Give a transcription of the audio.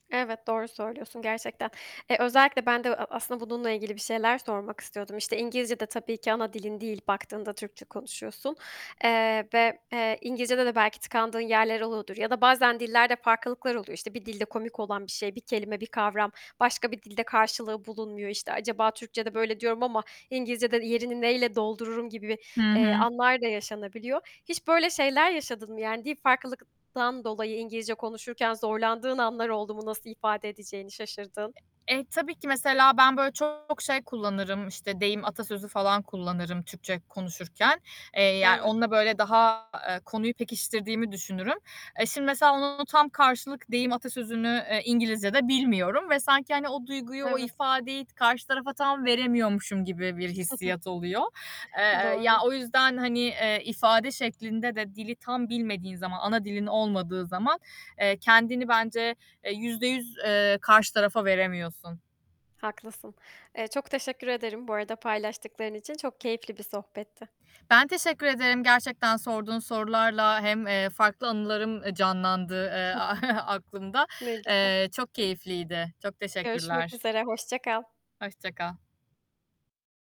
Evet, doğru söylüyorsun gerçekten. Eee, özellikle ben de e aslında bununla ilgili bir şeyler sormak istiyordum. İşte, İngilizce de tabii ki ana dilin değil baktığında, Türkçe konuşuyorsun, eee, ve, eee, İngilizcede de belki tıkandığın yerler oluyordur ya da bazen dillerde farklılıklar oluyor. İşte, bir dilde komik olan bir şey, bir kelime, bir kavram başka bir dilde karşılığı bulunmuyor. İşte, acaba Türkçe'de böyle diyorum ama İngilizce'de yerini neyle doldururum gibi bir, Hı eee, hı. anlar da yaşanabiliyor. Hiç böyle şeyler yaşadın mı? Yani dil farklılıktan dolayı İngilizce konuşurken zorlandığın anlar oldu mu? Nasıl ifade edeceğini şaşırdığın? Eee, tabii ki mesela ben, böyle, çok şey kullanırım, işte, deyim atasözü falan kullanırım Türkçe konuşurken. Eee, yani Evet. onunla, böyle, daha, eee, konuyu pekiştirdiğimi düşünürüm. Eee, şimdi mesela onun tam karşılık, eee, deyim, atasözünü, eee, İngilizce'de bilmiyorum. Ve sanki, hani o duyguyu, o Evet. ifadeyi karşı tarafa tam veremiyormuşum gibi bir hissiyat oluyor. Eee, ya, Doğru. o yüzden, hani, eee, ifade şeklinde de dili tam bilmediğin zaman, ana dilin olmadığı zaman, eee, kendini bence, eee, %100 eee, karşı tarafa veremiyorsun. Haklısın. Eee, çok teşekkür ederim bu arada paylaştıkların için, çok keyifli bir sohbetti. Ben teşekkür ederim gerçekten sorduğun sorularla hem, eee, farklı anılarım, eee, canlandı, eee, aklımda. Ne güzel. Eee, çok keyifliydi. Çok Görüşmek teşekkürler. üzere, hoşça kal. Hoşça kal.